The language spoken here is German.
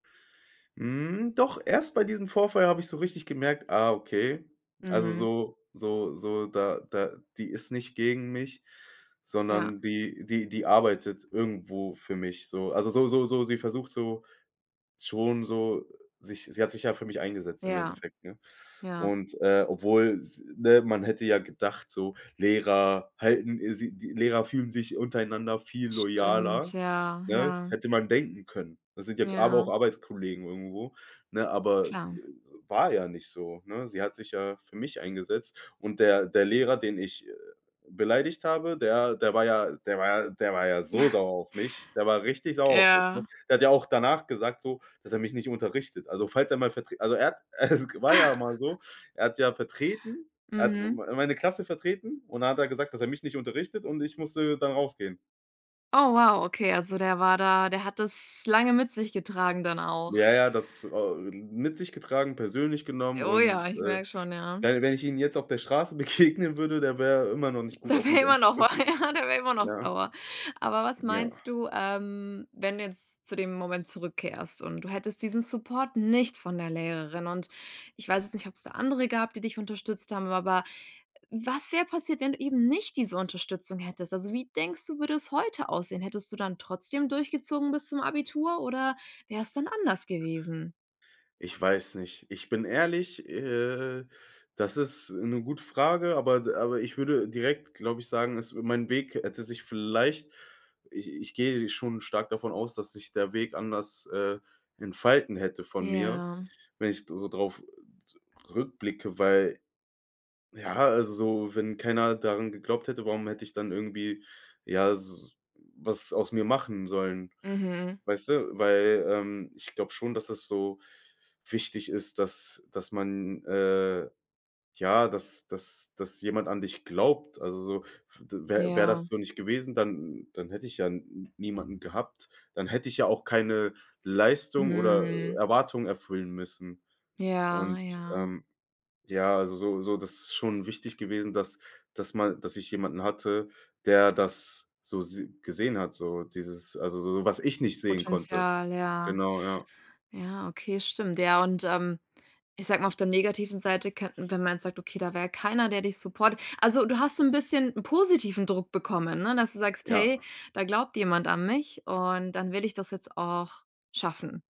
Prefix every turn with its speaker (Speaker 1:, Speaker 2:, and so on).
Speaker 1: Hm, doch erst bei diesem Vorfall habe ich so richtig gemerkt: „Ah, okay, also
Speaker 2: Mhm.
Speaker 1: so so so da da die ist nicht gegen mich,
Speaker 2: Ja.
Speaker 1: sondern die die die arbeitet irgendwo für mich“, so. Also, so so so sie versucht so schon so sich sie hat sich ja für mich eingesetzt im
Speaker 2: Ja.
Speaker 1: Endeffekt, ne?
Speaker 2: Ja.
Speaker 1: Und äh, obwohl s ne, man hätte ja gedacht so, Lehrer halten sie die Lehrer fühlen sich untereinander viel
Speaker 2: Stimmt.
Speaker 1: loyaler,
Speaker 2: Ja,
Speaker 1: ne,
Speaker 2: ja.
Speaker 1: hätte man denken können. Das sind ja aber auch
Speaker 2: Ja.
Speaker 1: Arbeitskollegen irgendwo, ne, aber,
Speaker 2: Klar.
Speaker 1: äh, war ja nicht so, ne? Sie hat sich ja für mich eingesetzt. Und der der Lehrer, den ich, äh, beleidigt habe, der der war ja der war ja der war ja so sauer auf mich der war richtig sauer auf mich, ne?
Speaker 2: Ja.
Speaker 1: Der hat ja auch danach gesagt so, dass er mich nicht unterrichtet. Also, falls er mal Vertre also er hat es war ja auch mal so, er hat ja vertreten, er hat
Speaker 2: Mhm.
Speaker 1: mei meine Klasse vertreten, und dann hat er gesagt, dass er mich nicht unterrichtet und ich musste dann rausgehen.
Speaker 2: Oh wow, okay, also der war da der hat das lange mit sich getragen dann auch.
Speaker 1: Ja, ja, das au ähm, mit sich getragen, persönlich genommen
Speaker 2: Oh ja,
Speaker 1: und,
Speaker 2: ich
Speaker 1: äh,
Speaker 2: merk schon, ja.
Speaker 1: wenn wenn ich ihn jetzt auf der Straße begegnen würde, da wäre er immer noch nicht gut
Speaker 2: Der
Speaker 1: auf
Speaker 2: wär
Speaker 1: mich
Speaker 2: immer noch,
Speaker 1: anzusprechen.
Speaker 2: ja, der wär immer noch
Speaker 1: Ja.
Speaker 2: sauer. Aber was
Speaker 1: Ja.
Speaker 2: meinst du, ähm, wenn du jetzt zu dem Moment zurückkehrst, und du hättest diesen Support nicht von der Lehrerin, und ich weiß jetzt nicht, ob's da andere gab, die dich unterstützt haben, aber was wär passiert, wenn du eben nicht diese Unterstützung hättest? Also wie denkst du, würde es heute aussehen? Hättest du dann trotzdem durchgezogen bis zum Abitur, oder wär's dann anders gewesen?
Speaker 1: Ich weiß nicht. Ich bin ehrlich, äh, das ist 'ne gute Frage, aber d aber ich würde direkt, glaube ich, sagen, es mein Weg hätte sich vielleicht ich ich gehe schon stark davon aus, dass sich der Weg anders, äh, entfalten hätte von mir,
Speaker 2: Ja.
Speaker 1: wenn ich s so drauf r rückblicke, weil, ja also so wenn keiner daran geglaubt hätte, warum hätte ich dann irgendwie, ja, s was aus mir machen sollen?
Speaker 2: Mhm.
Speaker 1: Weißt du, weil, ähm, ich glaube schon, dass das so wichtig ist, dass dass man, äh ja, dass dass dass jemand an dich glaubt. Also so, d wär wär das
Speaker 2: Ja.
Speaker 1: so nicht gewesen, dann dann hätte ich ja n n niemanden gehabt, dann hätte ich ja auch keine Leistung oder
Speaker 2: Mhm.
Speaker 1: Erwartung erfüllen müssen.
Speaker 2: Ja,
Speaker 1: Und,
Speaker 2: ja.
Speaker 1: ähm, ja, also so so, das ist schon wichtig gewesen, dass dass ma dass ich jemanden hatte, der das so sieh gesehen hat, so dieses, also so, was ich nicht sehen konnte.
Speaker 2: Potenzial, ja.
Speaker 1: Genau, ja.
Speaker 2: Ja, okay, stimmt. Ja, und, ähm, ich sag mal, auf der negativen Seite könnten wenn man jetzt sagt, okay, da wär keiner, der dich supportet Also, du hast so 'n bisschen positiven Druck bekommen, ne, dass du sagst:
Speaker 1: Ja.
Speaker 2: „Hey, da glaubt jemand an mich und dann will ich das jetzt auch schaffen.“